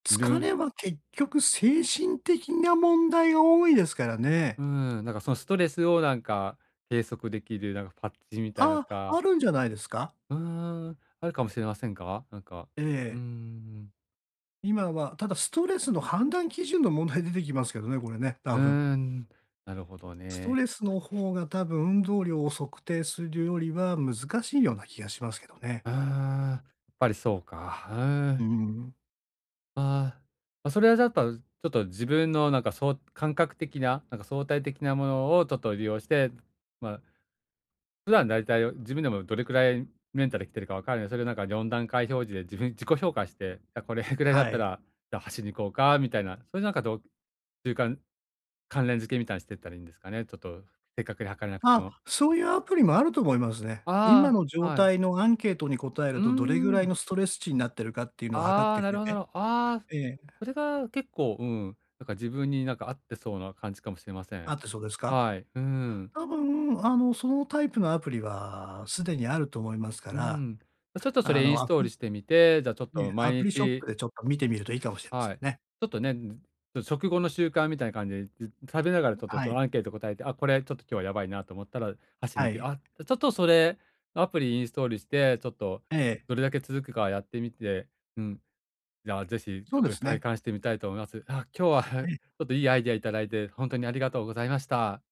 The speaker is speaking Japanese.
疲る。れは結局精神的な問題が多いですからね。うーん、なんかそのストレスを、なんか計測出来るなんかパッチみたいあなとあ、か。あるんじゃないですか？うーん。あるかもしれませんか？なんか。えうーえ。ん。今はただストレスの判断基準の問題出てきますけどね、これね、多う分。ーん、なるほどストね。レスの方が、多分運動量を測定するよりは難しいような気がしますけどね。うーん。ぱりそうか。ふーうーん。ん。ああ。あ、それはじゃっとちょっと自分のなんかそう感覚的な、なんか相対的なものをちょっと利用して、まあ、普段大体、自分でもどれくらいメンタル来てるか分かるよに、それがなんか4段階表示で自分自己評価して、じゃ、これぐらいだっはたい。ら、じゃ、走りに行こうかみたいな、そういうなんかどう習慣関連付けみたいにしていったらいいんですかね、ちょっと正確に測れなくてあ、も。そういうアプリもあると思いますね。今あのあ。状はい。態のアンケートに答えうるーと、どれぐらいん。のストレス値んなっているかっていうのを測っああ、てくなるれほどなて。るほああ。ええ。それが結構、うん、なんか自分になんか合ってそうな感じかもしれませあん。ってそうですか？はい、うん。多分、あの、そのタイプのアプリは既にあると思いますかうら、ん。ま、ちょっとそあれインの、スアトプールリしてみて、じゃあちょっえとえ、毎アプリショッ日プでちょっと見てみるといいかもしれませはんい。ちね。ょっとねんずちょ食後の習慣みたいな感じで、じ食べながらぶ、ちょっとはそい。のアンケート答えて、あ、これちょっと今日はやばいなと思ったら走りはに行く。い。あ、じゃ、ちょっとそれアプリインストールして、ちょっと、ええ。どれだけ続くかやってみて、うん。じゃあぜひ、ちそょうっでとす体ね。感してみたいと思います。あ、今日はは い。ちょっといいアイディアいただいて、ほんとにありがとうございました。